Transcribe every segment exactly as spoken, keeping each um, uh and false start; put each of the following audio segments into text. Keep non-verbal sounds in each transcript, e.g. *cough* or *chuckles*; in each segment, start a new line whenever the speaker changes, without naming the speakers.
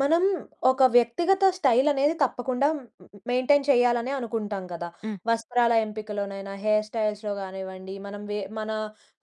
మనం, ఒక వ్యక్తిగత స్టైల్ అనేది తప్పకుండా, మ్ మెయింటైన్ చేయాలనే అనుకుంటాం కదా!
హ్మ్.
వస్త్రాల ఎంపికలోనైనా, హెయిర్ స్టైల్స్‌లో కానివ్వండి, మనం వె మన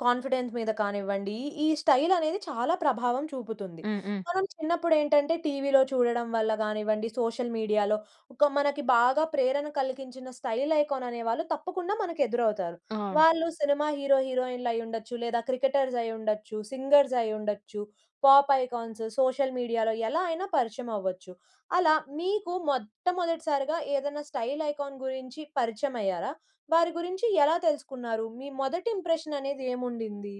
కాన్ఫిడెన్స్ మీద కానివ్వండి, ఈ స్టైల్ అనేది, చాలా ప్రభావం చూపుతుంది.
హ్మ్, హ్మ్.
మనం చిన్నప్పుడు ఏంటంటే, టీవీలో చూడడం వల్ల కానివ్వండి, సోషల్ మీడియాలో, ఒక మనకి బాగా ప్రేరణ కలిగించిన, స్టైల్ ఐకాన్ అనేవాళ్ళు తప్పకుండా, మనకు ఎదురవుతారు.
ఆ!
వాళ్ళు సినిమా హీరో, హీరోయిన్లు అయ్యుండొచ్చు లేదా, క్రికెటర్స్ అయ్యుండొచ్చు, సింగర్స్ అయ్యుండొచ్చు, పాప్ ఐకాన్స్, సోషల్ మీడియాలో ఎలా అయినా, పరిచయం అవ్వచ్చు. అలా, మీకు మొట్టమొదటిసారిగా ఏదైనా, స్టైల్ ఐకాన్ గురించి పరిచయం అయ్యారా? వారి గురించి, ఎలా తెలుసుకున్నారు? మీ, మొదటి ఇంప్రెషన్ అనేది ఏముండింది?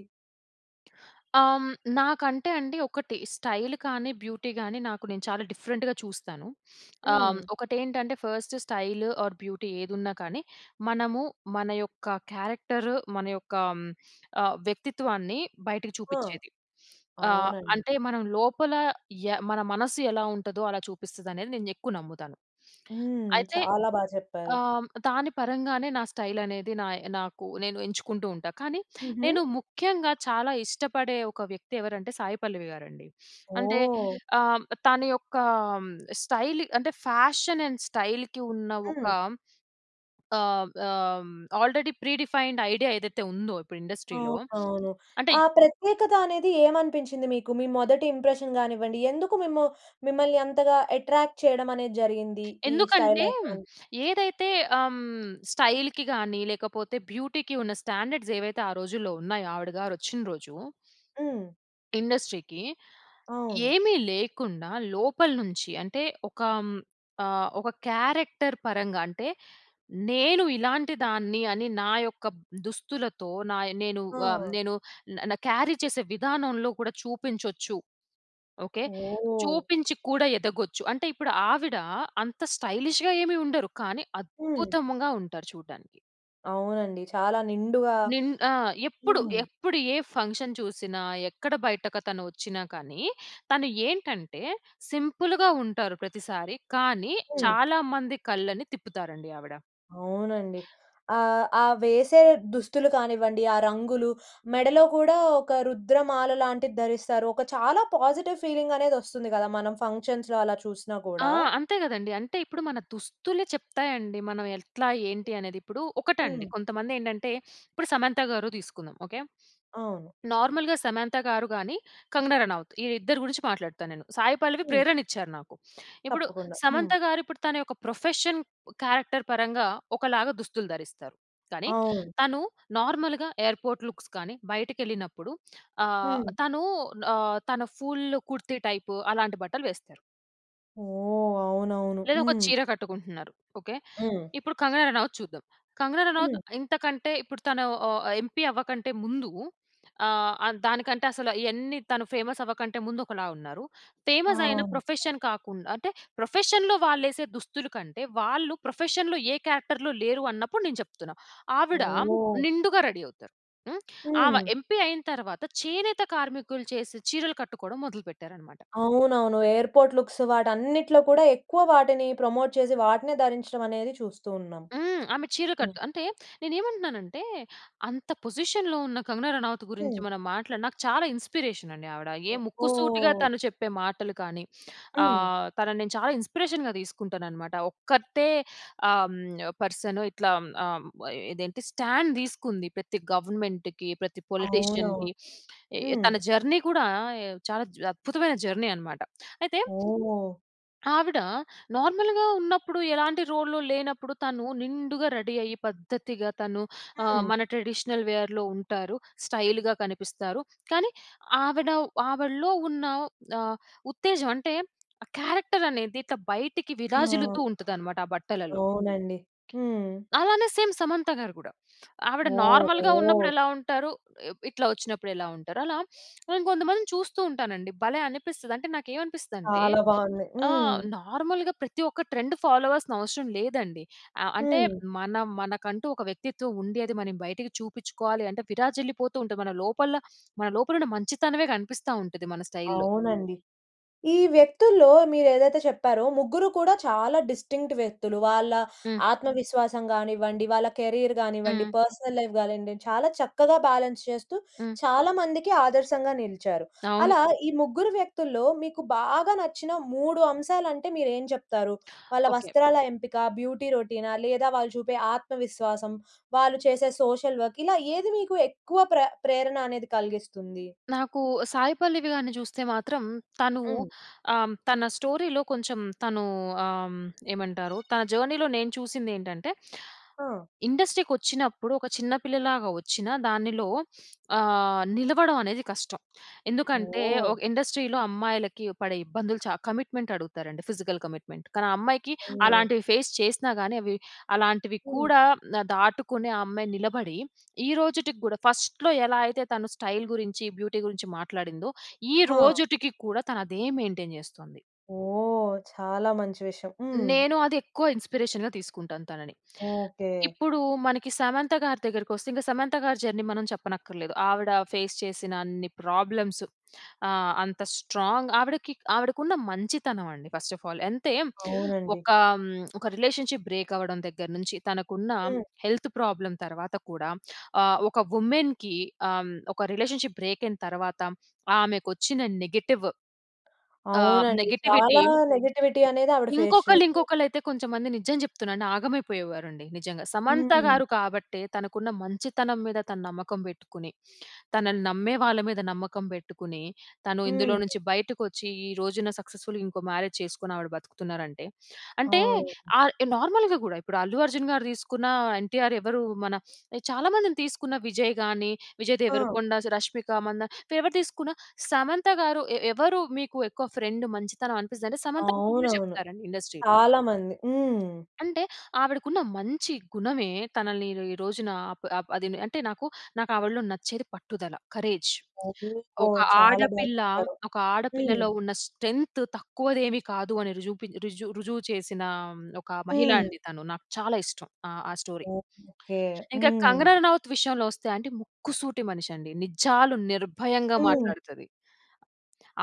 ఆహ్, నాకంటే అండి, ఒకటి, స్టైల్ కానీ, బ్యూటీ కాని నాకు నేను, చాలా డిఫరెంట్‌గా చూస్తాను. *sniffs* ఆహ్,
హ్మ్.
ఒకటి ఏంటంటే, ఫస్ట్ స్టైల్ ఆర్ బ్యూటీ ఏదున్నా కానీ, మనము మన యొక్క క్యారెక్టర్ మన యొక్క ఆహ్, వ్యక్తిత్వాన్ని బయటకి
ఆ!
చూపించేది. ఆహ్,
అవునండి.
అంటే, మనం లోపల య మన మనస్సు ఎలా ఉంటదో, అలా చూపిస్తది అనేది నేను ఎక్కువ నమ్ముతాను.
హ్మ్.
అయితే,
చాలా బాగా చెప్పారు.
ఆహ్, దాని పరంగానే, నా స్టైల్ అనేది నాయ్ నాకు నేను ఎంచుకుంటూ ఉంటాను. కానీ,
హుహు.
నేను, ముఖ్యంగా చాలా ఇష్టపడే ఒక వ్యక్తి ఎవరంటే, సాయి పల్లవి గారండి. *sniffs* అంటే,
ఓహ్!
ఆహ్, తన యొక్క స్టైల్ అంటే, ఫ్యాషన్ అండ్ స్టైల్‌కి ఉన్న ఒక
హ్మ్.
ఆహ్, ఆహ్ ఆల్రెడీ ప్రీ డిఫైన్డ్ ఐడియా ఏదైతే ఉందో ఇప్పుడు,
అవును,
ఇండస్ట్రీ‌లో.
అవును.
అంటే
ఆ ప్రత్యేకత అనేది ఏమనిపించింది మీకు? మీ మొదటి ఇంప్రెషన్ కానివ్వండి, ఎందుకు మిము మిమ్మల్ని అంతగా అట్రాక్ట్ చేయడం అనేది జరిగింది, ఈ స్టైల్
ఎందుకంటే,
ఐకాన్?
ఏదైతే ఆహ్, స్టైల్‌కి గాని లేకపోతే, బ్యూటీకి ఉన్న స్టాండర్స్ ఏవైతే ఆ రోజుల్లో ఉన్నాయో, ఆవిడ గారు వచ్చిన రోజు...
హ్మ్.
ఇండస్ట్రీకి
అవును.
ఏమి లేకుండా, లోపల నుంచి అంటే, ఒక ఆహ్, ఒక క్యారెక్టర్ పరంగా అంటే, నేను ఇలాంటి దాన్ని, అని నా యొక్క దుస్తులతో, నాయ్ నేను ఆహ్,
ఆ!
నేను న క్యారీ చేసే విధానంలో కూడా, చూపించొచ్చు. ఓకే,
ఓహ్!
చూపించి కూడా ఎదగొచ్చు. అంటే, ఇప్పుడు ఆవిడ అంత స్టైలిష్‌గా ఏమి ఉండరు కానీ,
హ్మ్.
అద్భుతంగా ఉంటారు, చూడడానికి.
అవునండి చాలా నిండుగా
నిన్ ఆ! ఎప్పుడు,
హ్మ్.
ఎప్పుడు ఏ ఫంక్షన్ చూసినా, ఎక్కడ బయటకతను వచ్చినా కానీ, తను ఏంటంటే, సింపుల్‌గా ఉంటారు, ప్రతిసారి. కానీ
హ్మ్.
చాలా మంది కళ్ళని తిప్పుతారండి ఆవిడ.
అవునండి. ఆహ్, ఆ వేసే దుస్తులు కానివ్వండి, ఆ రంగులు, మెడలో కూడా ఒక రుద్రమాల లాంటిది ధరిస్తారు. ఒక చాలా పాజిటివ్ ఫీలింగ్ అనేది వస్తుంది గదా! మనం ఫంక్షన్స్‌లో అలా చూసినా
ఆ!
కూడా.
అంతే గదండీ. అంటే, ఇప్పుడు మన దుస్తులే చెప్తాయండి మనం ఎట్లా, ఏంటి, అనేది. ఇప్పుడు ఒకటండి,
హ్మ్.
కొంతమంది ఏండంటే, *sniffs* ఇప్పుడు సమంత గారు తీసుకుందాం. ఓకె.
అవును.
నార్మల్‌గా సమంత గారు గానీ, కంగనా రనౌత్ ఈళ్ళిద్దరి గురించి మాట్లాడుతా నేను. సాయి పల్లవి
హ్మ్.
ప్రేరణ ఇచ్చారు నాకు. *sniffs* ఇప్పుడు
తప్పకుండా. హ్మ్.
సమంత గారు ఇప్పుడు, తన యొక్క ప్రొఫెషన్, క్యారెక్టర్ పరంగా, ఒకలాగా దుస్తులు ధరిస్తారు. కానీ,
అవును.
తను నార్మల్‌గా ఎయిర్పోర్ట్ లుక్స్ గానీ, బయటికెళ్ళినప్పుడు ఆహ్,
హ్మ్.
తను ఆహ్, తన ఫుల్ కుర్తీ టైపు అలాంటి బట్టలు వేస్తారు.
ఓహ్! అవునవును.
లేదా ఒక
హ్మ్.
చీర కట్టుకుంటున్నారు. ఓకె.
హ్మ్.
ఇప్పుడు కంగనా రనౌత్ చూద్దాం. కంగనా
హ్మ్.
రనౌత్ ఇంతకంటే, ఇప్పుడు తను ఆహ్, ఆహ్, ఎంపీ అవ్వకంటే ముందు, ఆహ్, ఆహ్, దానికంటే అసల ఇయన్ని తను ఫేమస్ అవ్వకంటే ముందు ఒకలా ఉన్నారు. ఫేమస్ అయిన
అవును.
ప్రొఫెషన్ కాకుండా అంటే, ప్రొఫెషన్‌లో వాళ్ళేసే దుస్తులు కంటే, వాళ్ళు ప్రొఫెషన్‌లో ఏ క్యారెక్టర్‌లో లేరు అన్నప్పుడు నేను చెప్తున్నా. ఆవిడ
ఓహ్!
నిండుగా రెడీ అవుతారు. హ్మ్. ఆమె
హ్మ్.
ఎంపీ అయిన తర్వాత, చేనేత కార్మికులు చేసే చీరలు కట్టుకోవడం మొదలు పెట్టారన్నమాట.
అవునవును. ఎయిర్పోర్ట్ లుక్స్ వాటన్నిటిలో కూడా, ఎక్కువ వాటిని ప్రమోట్ చేసి, వాటినే ధరించడం అనేది చూస్తూ ఉన్నాం.
హ్మ్. ఆమె చీర
హ్మ్.
కట్ అంటే, నేనేమంటున్నాను అంటే, అంత పొజిషన్‌లో ఉన్న కంగనా రనౌత్ గురించి
హ్మ్.
మనం మాట్లాడిన నాకు చాలా ఇన్స్పిరేషన్ అండి ఆవిడ. ఏ
ఒ
ముక్కు సూటిగా
ఓహ్!
తను చెప్పే మాటలు కానీ, *sniffs*
హ్మ్.
ఆహ్, తనని నేను చాలా ఇన్స్పిరేషన్‌గా తీసుకుంటాననమాట. ఒక్కర్తే ఆహ్, హ్మ్, పర్సను ఇట్లా ఆహ్, హ్మ్, ఇదేంటి స్టాండ్ దీసుకుంది. ప్రతి గవర్నమెంట్‌కి ప్రతి
అవునవును.
పొలిటీషియన్‌కి *sniffs* ఎ-ఎ
హ్మ్.
తన జర్నీ గూడా ఎ చాలా జ అద్భుతమైన! జర్నీ అన్నమాట. అయితే,
ఓహ్!
ఆవిడ నార్మల్‌గా ఉన్నప్పుడు ఎలాంటి రోల్‌లో లేనప్పుడు తను నిండుగా రెడీ అయ్యి పద్ధతిగా, తను ఆహ్,
హ్మ్.
మన ట్రెడిషనల్ వేర్‌లో ఉంటారు. స్టైల్‌గా కనిపిస్తారు. కానీ ఆవిడ ఆవిడలో ఉన్న ఆహ్, ఉత్తేజం అంటే, ఆ క్యారెక్టర్ అనేది ఇట్లా బయటికి విరాజిల్లుతూ
ఆ!
ఉంటది, అన్నమాట ఆ బట్టలలో.
అవునండి. హ్మ్.
అలానే సేమ్ సమంత గారు గూడా, ఆవిడ నార్మల్‌గా
ఓహో!
ఉన్నప్పుడు ఎలా ఉంటారు? ఇ ఇట్లా వచ్చినప్పుడు ఎలా ఉంటారు? అలా నేను కొంతమందిని చూస్తూ ఉంటాను అండి భలే! అనిపిస్తది. అంటే నాకేమనిపిస్తది అంటే,
చాలా బాగుంది. హ్మ్.
ఆహ్, నార్మల్‌గా ప్రతి ఒక్క ట్రెండ్ ఫాలో అవల్సిన అవసరం లేదండి. అహ్, అంటే,
హ్మ్.
మన మనకంటూ ఒక వ్యక్తిత్వం ఉంది, అది మనం బయటకి చూపించుకోవాలి అంటే, విరాజిల్లిపోతూ ఉంటది. మన లోపల, మన లోపల ఉన్న మంచితనమే కనిపిస్తా ఉంటది మన స్టైల్‌లో.
అవునండి. ఈ వ్యక్తుల్లో మీరు ఏదైతే చెప్పారో. ముగ్గురు కూడా చాలా డిస్టింక్ట్ వ్యక్తులు. వాళ్ళ
హ్మ్.
ఆత్మవిశ్వాసం గానివ్వండి, వాళ్ళ కెరియర్ గానివ్వండి
హ్మ్.
పర్సనల్ లైఫ్ గానివ్వండి, చాలా చక్కగా బ్యాలెన్స్ చేస్తూ,
హ్మ్.
చాలామందికి ఆదర్శంగా నిలిచారు.
అవును.
అలా ఈ ముగ్గురు వ్యక్తుల్లో, మీకు బాగా నచ్చిన మూడు అంశాలంటే మీరు ఏం జెప్తారు? వాళ్ళ
ఓకె.
వస్త్రాల ఎంపిక, బ్యూటీ రొటీనా? లేదా వాళ్ళు చూపే ఆత్మవిశ్వాసం. వాళ్ళు చేసే సోషల్ వర్క్ ఇలా ఏది మీకు ఎక్కువ ప్ర ప్రేరణ అనేది కలిగిస్తుంది?
నాకు సాయి పల్లవి గారిని జూస్తే మాత్రం, తను
హ్మ్.
ఆహ్, హ్మ్, తన స్టోరీలో కొంచెం తను ఆహ్, హ్మ్, ఏమంటారు? తన జర్నీలో నేను చూసింది ఏంటంటే,
ఆ!
ఇండస్ట్రీకి వచ్చినప్పుడు, ఒక చిన్న పిల్లలాగా వచ్చిన దానిలో *sniffs* ఆహ్, నిలవడం అనేది కష్టం. ఎందుకంటే,
ఓహ్!
ఒక ఇండస్ట్రీలో అమ్మాయిలకి పడే ఇబ్బందులు చ కమిట్మెంట్ అడుగుతారండి. Physical commitment. కానీ ఆ అమ్మాయికి
అయ్యో!
అలాంటివి, ఫేస్ చేసినా గానీ అవి, అలాంటివి
హ్మ్.
కూడా ఆహ్, దాటుకునే ఆ అమ్మాయి నిలబడి. ఈరోజుటికి గూడా ఫస్ట్‌లో ఎలా అయితే తను స్టైల్ గురించి బ్యూటీ గురించి మాట్లాడిందో, ఈ
హ!
రోజుటికి కూడా తను అదే మెయిన్‌టైన్ చేస్తుంది.‌
ఓహ్! చాలా మంచి విషయం. హ్మ్.
నేను అది ఎక్కువ ఇన్స్పిరేషన్‌గా తీసుకుంటాను, తనని.
ఓకె.
ఇప్పుడు మనకి సమంత గారి దగ్గరికొస్తే, ఇంక సమంత గారి, జర్నీ మనం చెప్పనక్కర్లేదు. ఆవిడ ఫేస్ చేసినన్ని ప్రాబ్లమ్స్ ఆహ్, అంత స్ట్రాంగ్ ఆవిడకి ఆవిడకున్న మంచితనం అండి. First of all. అంతే,
అవునండి.
ఒక హ్మ్, ఒక రిలేషన్షిప్ బ్రేక్ అవ్వడం దగ్గర నుంచి, తనకు ఉన్న
ఆ!
హెల్త్ ప్రాబ్లమ్ తర్వాత కూడా, ఆహ్, ఒక ఉమెన్‌కి ఆహ్, ఒక రిలేషన్షిప్ బ్రేక్ అయిన తర్వాత ఆమెకు వచ్చిన నెగెటివ్... ఆహ్,
అవునండి
నెగిటివిటీ
చాలా నెగటివిటీ అనేది ఆవిడ ఫేస్
ఇంకొకళ్ళు,
చేసారు.
ఇంకొకళ్ళు అయితే, కొంచెం మంది నిజం జెప్తున్నాను ఆగమైపోయేవారండి నిజంగా. సమంత
హ్మ్.
గారు కాబట్టే, తనకు ఉన్న మంచితనం మీద తను నమ్మకం బెట్టుకొని, తనని నమ్మే వాళ్ళ మీద నమ్మకం బెట్టుకొని, తను ఇందులో
హ్మ్.
నుంచి బయటకొచ్చి, ఈ రోజున సక్సెస్ఫుల్ ఇంకో మ్యారేజ్ చేసుకొని ఆవిడ బ్రతుకుతున్నారంటే. అంటే,
అవునండి.
ఆహ్, నార్మల్‌గా గూడా ఇప్పుడు అల్లు అర్జున్ గారు దీసుకున్న, ఎన్టీఆర్ ఎవరు, మన చాలా మందిని తీసుకున్న, విజయ్ గాని, విజయ్
ఆ!
దేవరకొండ, రష్మిక మందాన ఎవరు తీసుకున్న, సమంత గారు ఎ ఎవరు మీకు ఎక్కువ ఫ్రెండ్ మంచితనం అనిపిస్తుదంటే, సమంత పేరే
అవునవును.
జెప్తారండి ఇండస్ట్రీలో...
చాలా మంది. హ్మ్.
అంటే, ఆవిడకు ఉన్న మంచి గుణమే, తనని ఈ ఈ రోజున అప్ అదినే అంటే నాకు, నాకు ఆవిడలో నచ్చేది పట్టుదల. కరేజ్. ఒక
*unintelligible* చాలా బాగా
ఆడపిల్ల,
చెప్పారు.
ఒక
హ్మ్.
ఆడపిల్లలో ఉన్న స్ట్రెంగ్త్ తక్కువది ఏమి కాదు, అని రుజువుపి రుజువు రుజువు చేసిన ఆహ్, హ్మ్, ఒక మహిళ
హ్మ్.
అండి తను. నాకు చాలా ఇష్టం ఆహ్, ఆ స్టోరీ.
ఓకెకె.
ఇంకా
హ్మ్.
కంగనా నౌత్ విషయంలో వస్తే అండి. ముక్కుసూటి మనిషి అండి. నిజాలు నిర్భయంగా
హ్మ్.
మాట్లాడుతది.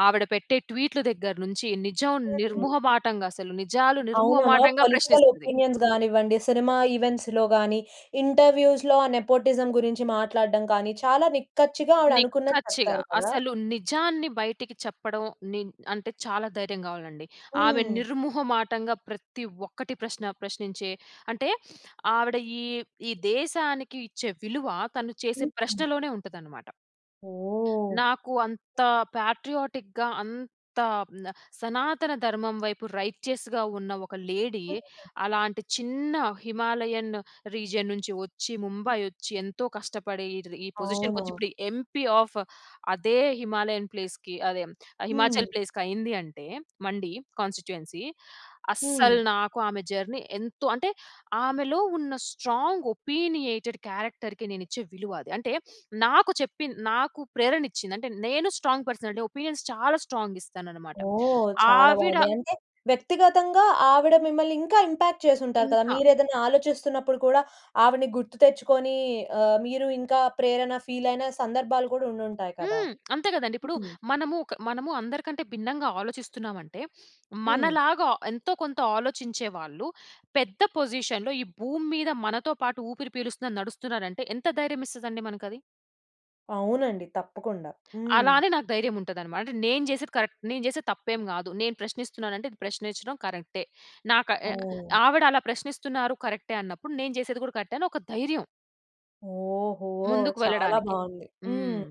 ఆవిడ పెట్టే ట్వీట్‌లు దగ్గర నుంచి, నిజం
హ్మ్.
నిర్ముహటంగా అసలు. నిజాలు
అవునా,
నిర్ముహటంగా
పొలిటికల్
ప్రశ్నిస్తది.
ఓపీనియన్స్ గానివ్వండి, సినిమా ఈవెంట్స్‌లో గాని, ఇంటర్వ్యూస్‌లో ఆ నెపోటిసం గురించి మాట్లాడడం కానీ చాలా నిక్కచ్చిగా ఆవిడ అనుకున్నది
నిక్కచ్చిగా
చెప్తారు కదా?
అసలు నిజాన్ని బయటికి చెప్పడం, నిన్ అంటే చాలా ధైర్యం గావాల్నండి. ఆమె
హ్మ్.
నిర్ముహమాటంగా ప్రతి ఒక్కటి ప్రశ్న ప్రశ్నించే అంటే *sniffs* ఆవిడ ఈ ఈ దేశానికి ఇచ్చే విలువ, తను చేసే
హుహు.
ప్రశ్నలోనే ఉంటదనమాట.
ఓహ్!
నాకు అంత పాట్రియాటిక్‌గా అంత హ్మ్, ఆహ్, సనాతన ధర్మం వైపు రైటియస్‌గా ఉన్న ఒక లేడీ. అలాంటి చిన్న హిమాలయన్ రీజియన్ నుంచి వచ్చి, ముంబై వచ్చి ఎంతో కష్టపడి, ఈటిది ఈ
అవునా?
పొజిషన్‌కొచ్చి, ఇప్పుడు ఎంపీ ఆఫ్ అదే హిమాలయన్ ప్లేస్‌కి అదే, హ్మ్,
హ్మ్.
హిమాచల్ ప్లేస్‌కి అయింది. అంటే, మండి కాన్స్టిట్యూయెన్సి అస్సలు
హ్మ్.
నాకు ఆమె జర్నీ ఎంతో అంటే, ఆమెలో ఉన్న స్ట్రాంగ్ ఒపీనియేటెడ్ క్యారెక్టర్‌కి నేనిచ్చే విలువ అది. *sniffs* అంటే, నాకు చెప్పిన్ నాకు ప్రేరణ ఇచ్చింది. అంటే నేను స్ట్రాంగ్ పర్సనాలిటీ. ఒపీనియన్స్ చాలా స్ట్రాంగ్ ఇస్తాననమాట.
ఓహ్! చాలా
ఆవిడ
బాగుంది. అంటే వ్యక్తిగతంగా ఆవిడ మిమ్మల్ని ఇంకా ఇంపాక్ట్ చేసుంటారు కదా!
ఇంకా
మీరేదన్న ఆలోచిస్తున్నప్పుడు కూడా, ఆవిడని గుర్తు తెచ్చుకొని ఆహ్, మీరు ఇంకా ప్రేరణ ఫీల్ అయిన సందర్భాలు కూడా ఉండుంటాయి కదా!
హ్మ్. అంతే గదండీ. ఇప్పుడు,
హుహు.
మనము క మనము అందరికంటే భిన్నంగా ఆలోచిస్తున్నామంటే, *sniffs* మన
హ్మ్.
లాగా ఎంతో కొంత ఆలోచించే వాళ్ళు, పెద్ద పొజిషన్‌లో ఈ భూమి మీద మనతో పాటు ఊపిరి పీలుస్తున్నారు, నడుస్తున్నారంటే ఎంత ధైర్యం ఇస్తదండి మనకు అది.
అవునండి. తప్పకుండా. హ్మ్.
అలా అని, నాకు ధైర్యం ఉంటది అన్నమాట. నేను చేసేది కరెక్ట్. నేను చేసేది తప్పేం గాదు. నేను ప్రశ్నిస్తున్నాను అంటే, ప్రశ్నించడం కరెక్టే. నాక ఆయ
ఓహ్!
ఆవిడ, అలా ప్రశ్నిస్తున్నారు కరెక్టే అన్నప్పుడు, నేను, చేసేది కూడా కరెక్టే. అని ఒక ధైర్యం.
ఓహో!
ముందుకు
చాలా
వెళ్ళడానికి.
బాగుంది. హ్మ్.
హ్మ్.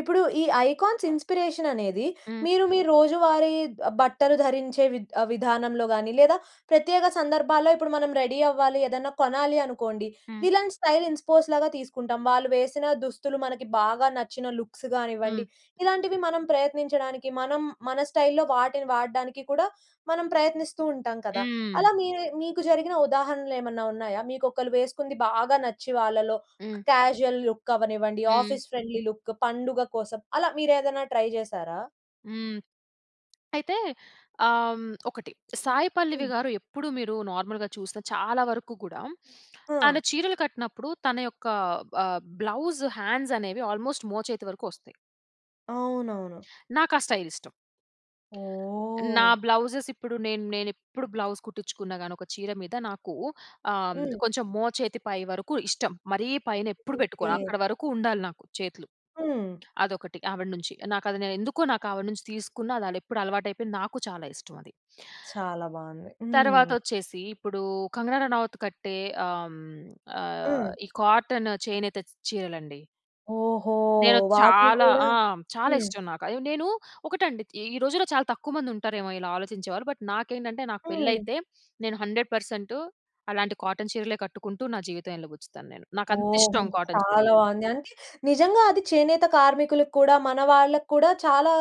ఇప్పుడు, ఈ ఐకాన్స్ ఇన్స్పిరేషన్ అనేది,
హ్మ్.
మీరు మీ రోజువారీ ఆబ్ బట్టలు ధరించే, విధ విధానంలో గాని, లేదా ప్రత్యేక సందర్భాల్లో ఇప్పుడు, మనం రెడీ అవ్వాలి, ఏదన్నా కొనాలి అనుకోండి,
హ్మ్.
విలన్ స్టైల్ ఇన్స్ పోస్ లాగా తీసుకుంటాం. వాళ్ళు వేసిన దుస్తులు, మనకి బాగా నచ్చిన లుక్స్ కానివ్వండి,
హ్మ్.
ఇలాంటివి మనం ప్రయత్నించడానికి, మనం మన స్టైల్‌లో వాటిని వాడడానికి కూడా, మనం ప్రయత్నిస్తూ ఉంటాం కదా!
హ్మ్.
అలా మీరే మీకు జరిగిన ఉదాహరణలు ఏమన్నా ఉన్నాయా? మీకు ఒకళ్ళు వేసుకుంది బాగా నచ్చి, వాళ్ళలో
హ్మ్.
క్యాజువల్ లుక్ అవ్వనివ్వండి,
హ్మ్.
ఆఫీస్ ఫ్రెండ్లీ లుక్, పండుగ కోసం, అలా మీరేదైనా ట్రై చేసారా?
హ్మ్. అయితే, ఆహ్, ఒకటి సాయి పల్లవి
హ్మ్.
గారు ఎప్పుడు, మీరు నార్మల్‌గా చూస్తే, చాలా వరకు కూడా తన
ఆ!
చీరలు కట్టినప్పుడు, తన యొక్క ఆహ్, బ్లౌస్ హ్యాండ్స్ అనేవి ఆల్మోస్ట్ మోచేతి వరకు వస్తాయి.
అవునవును.
నాకు ఆ స్టైల్ ఇష్టం. నా
ఓహ్!
బ్లౌజెస్ ఇప్పుడు నేను నేను ఎప్పుడు బ్లౌజ్ కుట్టించుకున్న గాని, ఒక చీర మీద నాకు, ఆహ్,
హ్మ్.
కొంచెం మోచేతి పై వరకు ఇష్టం. మరీ, పైనేప్పుడు
ఓకె.
పెట్టుకోను. అక్కడ వరకు ఉండాలి, నాకు చేతులు.
హ్మ్.
అదొకటి, ఆవిడ నుంచి. నాకు అది నేనే ఎందుకో, నాకు ఆవిడ నుంచి తీసుకున్నా, అది ఎప్పుడు అలవాటు అయిపోయింది. నాకు చాలా ఇష్టం అది.
చాలా బాగుంది.
తర్వాత
హ్మ్.
వచ్చేసి, ఇప్పుడు కంగనా రనౌత్ కట్టే, ఆహ్, ఆహ్
హ్మ్.
ఈ కాటన్ చేనేత చ్ చీరలండి...
ఓహో!
నేను
వాటిని
చాలా
కూడా
ఆ! చాలా
హ్మ్.
ఇష్టం నాకు. అయ్యో! నేను ఒకటండి, ఈ రోజుల్లో చాలా తక్కువ మంది ఉంటారేమో, ఇలా ఆలోచించేవారు. బట్, నాకేంటంటే, నాకు పెళ్లి
హ్మ్.
అయితే, నేను హండ్రెడ్ పర్సెంటు అలాంటి, కాటన్ చీరలే కట్టుకుంటూ, నా జీవితం ఎల్లబచ్చుతాను నేను. నాకుంత
ఓహో!
ఇష్టం కాటన్
చాలా
చీరలు.
బాగుంది. అంటే, నిజంగా అది చేనేత కార్మికులకి కూడా, మన వాళ్ళకి కూడా చాలా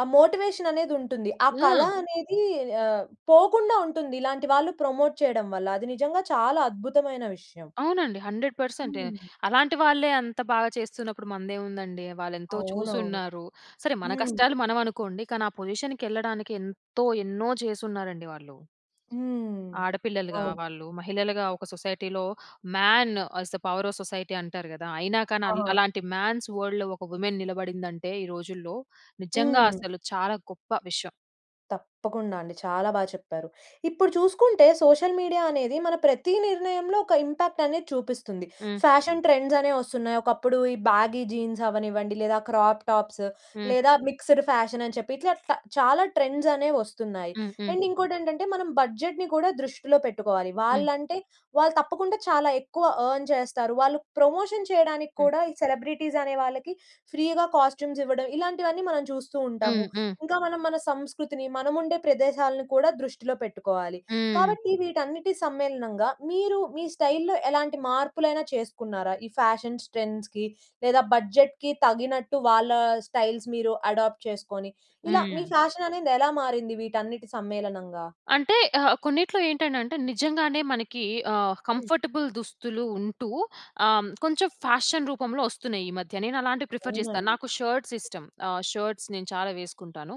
ఆ మోటివేషన్ అనేది ఉంటుంది. ఆ కళ
హ్మ్.
అనేది, అహ్, పోకుండా ఉంటుంది. ఇలాంటి వాళ్ళు ప్రమోట్ చేయడం వల్ల. అది నిజంగా చాలా అద్భుతమైన విషయం.
అవునండి. హండ్రెడ్ పర్సెంటే
హ్మ్.
అలాంటి వాళ్ళే, అంత బాగా చేస్తున్నప్పుడు, మందేముందండి! వాళ్ళేంతో చూసి
అవునవును.
ఉన్నారు. సరే! మన
హ్మ్.
కష్టాలు, మనం అనుకోండి. కానీ ఆ పొజిషన్‌కి వెళ్ళడానికి, ఎంతో ఎన్నో చేసిన్నారండి వాళ్ళు.
హ్మ్.
ఆడపిల్లలుగా
అవును.
వాళ్ళు, మహిళలుగా ఒక సొసైటీలో, "man as the power of society" అంటారు కదా! అయినా కానీ అల్
ఆహా!
అలాంటి మ్యాన్స్ వరల్డ్‌లో ఒక వుమెన్ నిలబడిందంటే, ఈ రోజుల్లో నిజంగా
హ్మ్.
అసలు చాలా గొప్ప విషయం.
తప్పకుండా అండి. చాలా బాగా చెప్పారు. ఇప్పుడు చూసుకుంటే, సోషల్ మీడియా అనేది మన ప్రతి నిర్ణయంలో ఒక ఇంపాక్ట్ అనేది చూపిస్తుంది.
హ్మ్.
ఫ్యాషన్ ట్రెండ్స్ అనేవి వస్తున్నాయి. ఒకప్పుడు ఈ బ్యాగీ జీన్స్ అవ్వనివ్వండి లేదా క్రాప్ టాప్స్
హ్మ్.
లేదా మిక్స్డ్ ఫ్యాషన్ అని చెప్పి, ఇట్లా ట చాలా ట్రెండ్స్ అనేవి వస్తున్నాయి.
హ్మ్. హ్మ్.
అండ్ ఇంకోటి ఏంటంటే, మనం బడ్జెట్‌ని కూడా దృష్టిలో పెట్టుకోవాలి.
హ్మ్.
వాళ్ళంటే వాళ్ళు తప్పకుండా చాలా ఎక్కువ అర్న్ చేస్తారు. వాళ్ళు ప్రమోషన్ చేయడానికి
హ్మ్.
కూడా ఈ సెలబ్రిటీస్ అనే వాళ్ళకి ఫ్రీగా కాస్ట్యూమ్స్ ఇవ్వడం ఇలాంటివన్నీ, మనం చూస్తూ ఉంటాము.
హ్మ్. హ్మ్.
ఇంకా మనం, మన సంస్కృతిని, మనము ఉండే ప్రదేశాలను కూడా దృష్టిలో పెట్టుకోవాలి.
హ్మ్.
కాబట్టి వీటన్నిటి సమ్మేళనంగా, మీరు మీ స్టైల్‌లో ఎలాంటి మార్పులైనా చేసుకున్నారా? ఈ ఫ్యాషన్స్ ట్రెండ్స్‌కి లేదా బడ్జెట్‌కి తగినట్టు వాళ్ళ స్టైల్స్ మీరు అడాప్ట్ చేసుకొని, ఇలా మీ
హ్మ్.
ఫ్యాషన్ అనేది ఎలా మారింది వీటన్నిటి సమ్మేళనంగా?
అంటే ఆహ్, కొన్నిట్లో ఏంటంటే, అంటే నిజంగానే మనకి ఆహ్,
హ్మ్.
కంఫర్టబుల్ దుస్తులు ఉంటూ ఆహ్, కొంచెం ఫ్యాషన్ రూపంలో వస్తున్నాయి, ఈ మధ్య. నేను అలాంటివి ప్రిఫర్ చేస్తా.
అవునండి.
నాకు షర్ట్స్ ఇష్టం. ఆహ్, షర్ట్స్ నేను చాలా వేసుకుంటాను.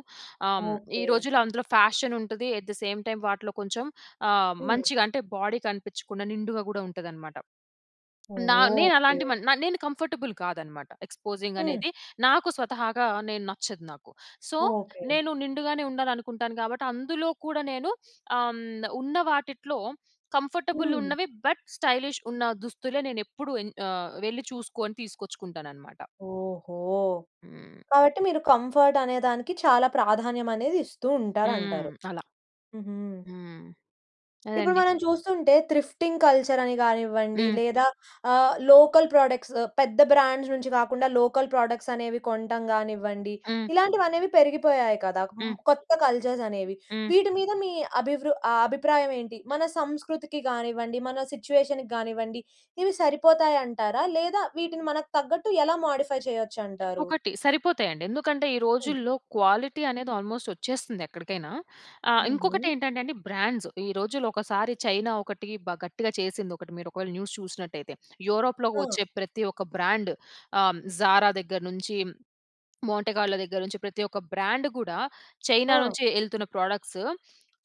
ఆహ్, ఈ
ఓకె.
రోజుల్లో అందులో ఫ్యాషన్ ఉంటది. అట్ ది సేమ్ టైమ్ వాటిలో కొంచెం ఆహ్,
హ్మ్.
మంచిగా అంటే, బాడీ కనిపించకుండా నిండుగా కూడా ఉంటదనమాట.
ఓహ్!
నా నేను
ఓకె.
అలాంటి మన్ న నేను కంఫర్టబుల్ కాదన్నమాట. ఎక్స్పోజింగ్
హ్మ్.
అనేది నాకు స్వతహాగా, నేను నచ్చదు నాకు. So,
okay.
నేను నిండుగానే ఉండాలనుకుంటాను కాబట్టి, అందులో కూడా నేను ఆహ్, ఉన్న వాటిట్లో కంఫర్టబుల్
హ్మ్.
ఉన్నవి బట్, స్టైలిష్ ఉన్న దుస్తులే, నేను ఎప్పుడూ ఎన్ ఆహ్, వెళ్ళి చూసుకొని, తీసుకొచ్చుకుంటానన్నమాట.
ఓహో!
హ్మ్.
కాబట్టి మీరు కంఫర్ట్ అనేదానికి చాలా ప్రాధాన్యం అనేది ఇస్తూ ఉంటారు,
హ్మ్.
అంటారు.
అలా.
హుహు.
హ్మ్.
ఇప్పుడు
అదండి.
మనం చూస్తుంటే, త్రిఫ్టింగ్ కల్చర్ అని కానివ్వండి
హ్మ్.
లేదా ఆహ్, లోకల్ ప్రొడక్ట్స్ పెద్ద బ్రాండ్స్ నుంచి కాకుండా లోకల్ ప్రొడక్ట్స్ అనేవి కొంటం కానివ్వండి,
హ్మ్.
ఇలాంటివి అనేవి పెరిగిపోయాయి కదా! మ్
హ్మ్.
కొత్త కల్చర్స్ అనేవి.
హ్మ్.
వీటి మీద మీ అభివృ ఆహ్, అభిప్రాయం ఏంటి? మన సంస్కృతికి కానివ్వండి, మన సిట్యుయేషన్‌కి కానివ్వండి ఇవి సరిపోతాయి అంటారా? లేదా వీటిని మనకు తగ్గట్టు ఎలా మోడిఫై చేయొచ్చు అంటారు?
ఒకటి, సరిపోతాయి అండి. ఎందుకంటే ఈ
హ్మ్.
రోజుల్లో క్వాలిటీ అనేది ఆల్మోస్ట్ వచ్చేస్తుంది ఎక్కడికైనా. ఆహ్, ఇంకొకటి
హుహు.
ఏంటంటే అండి, బ్రాండ్స్. ఈ రోజుల్లో ఒకసారి చైనా, ఒకటి బా గట్టిగా చేసింది, ఒకటి. మీరు ఒకవేళ న్యూస్ చూసినట్టయితే. యూరోప్‌లో‌కి
ఆ!
వచ్చే ప్రతి ఒక్క బ్రాండ్ ఆహ్, 'జారా' దగ్గర నుంచి, 'మాంటే కార్లో' దగ్గర నుంచి ప్రతి ఒక్క బ్రాండ్ కూడా, చైనా
ఆ!
నుంచి వెళ్తున్న ప్రొడక్ట్స్,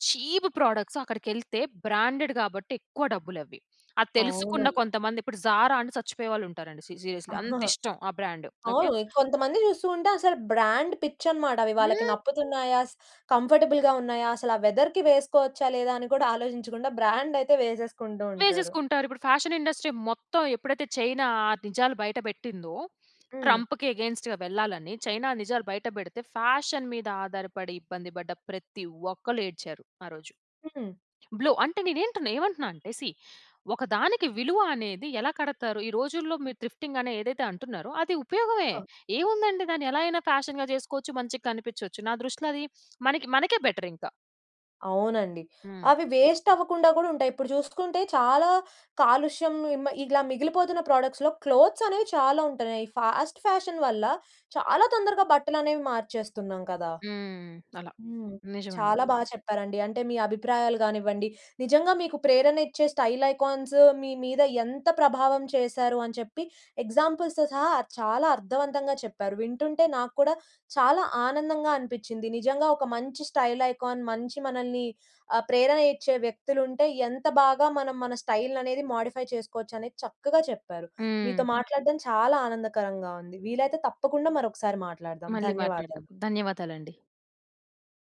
చీప్ ప్రొడక్ట్స్ అక్కడికెళ్తే బ్రాండెడ్, కాబట్టి ఎక్కువ డబ్బులు అవి. అది తెలుసుకున్న
అవునండి.
కొంతమంది, ఇప్పుడు 'జారా' అని సచ్చిపోయే వాళ్ళు ఉంటారండి. సీ సీరియస్లీ అంత
*chuckles*
ఇష్టం ఆ బ్రాండ్.
ఆ!
ఓకె.
కొంతమందిని చూస్తూంటే, అసలు బ్రాండ్ పిచ్చి అనమాట. అవి వాళ్ళకి
హ్మ్.
నప్పుతున్నాయా? స్ కంఫర్టబుల్‌గా ఉన్నాయా? అసలు ఆ వెదర్‌కి వేసుకోవచ్చా? లేదా? అని కూడా ఆలోచించకుండా బ్రాండ్ అయితే వేసేసుకుంటూ ఉంటారు.
వేసేసుకుంటారు. ఇప్పుడు ఫ్యాషన్ ఇండస్ట్రీ మొత్తం ఎప్పుడైతే, చైనా ఆ నిజాలు బయట పెట్టిందో,
హ్మ్.
ట్రంప్‌కి అగైన్స్ట్‌గా వెళ్ళాలని. చైనా నిజాలు బయట పెడితే ఫ్యాషన్ మీద ఆధారపడి, ఇబ్బంది పడ్డ ప్రతి ఒక్కళ్ళు ఏడ్చారు, ఆ రోజు.
హ్మ్.
బ్ల్యూ అంటే, నేనెంటున ఏమంటున్నా? అంటే, సీ ఒక దానికి విలువ అనేది ఎలా కడతారు? ఈ రోజుల్లో మీరు త్రిఫ్టింగ్ అనేది ఏదైతే అంటున్నారో, అది ఉపయోగమే.
ఆ!
ఏముందండి, దాన్ని ఎలాగైనా ఫ్యాషన్‌గా చేసుకోవచ్చు. మంచిగా కనిపించోచ్చు. నా దృష్టిలో అది మనకి మనకే బెటర్ ఇంకా.
అవునండి.
హ్మ్.
అవి వేస్ట్ అవ్వకుండా కూడా ఉంటాయి. ఇప్పుడు చూసుకుంటే, చాలా కాలుష్యం హ్మ్, ఇగిలా మిగిలిపోతున్న ప్రోడక్ట్స్‌లో క్లోత్స్ అనేవి చాలా ఉంటున్నాయి. ఈ ఫాస్ట్ ఫ్యాషన్ వల్ల చాలా తొందరగా బట్టలు అనేవి మార్చేస్తున్నాం కదా!
హ్మ్. అలా.
హ్మ్.
నిజమండి.
చాలా బాగా చెప్పారండి. అంటే మీ అభిప్రాయాలు కానివ్వండి, నిజంగా మీకు ప్రేరణ ఇచ్చే స్టైల్ ఐకాన్స్ మీ, మీద ఎంత ప్రభావం చేశారు అని చెప్పి, ఎగ్జాంపుల్స్‌తో సహా, చాలా అర్థవంతంగా చెప్పారు. వింటుంటే నాకు కూడా చాలా ఆనందంగా అనిపించింది. నిజంగా ఒక మంచి స్టైల్ ఐకాన్, మంచి మనల్ని ఆహ్, ప్రేరణ ఇచ్చే వ్యక్తులు ఉంటే, ఎంత బాగా మనం మన స్టైల్ అనేది మోడిఫై చేసుకోవచ్చు అనేది చక్కగా చెప్పారు. మీతో
హ్మ్.
మాట్లాడడం చాలా ఆనందకరంగా ఉంది. వీలైతే తప్పకుండా మరొకసారి మాట్లాడదాం.
మళ్ళీ మాట్లాడదాం.
ధన్యవాదాలు.
ధన్యవాదాలండి.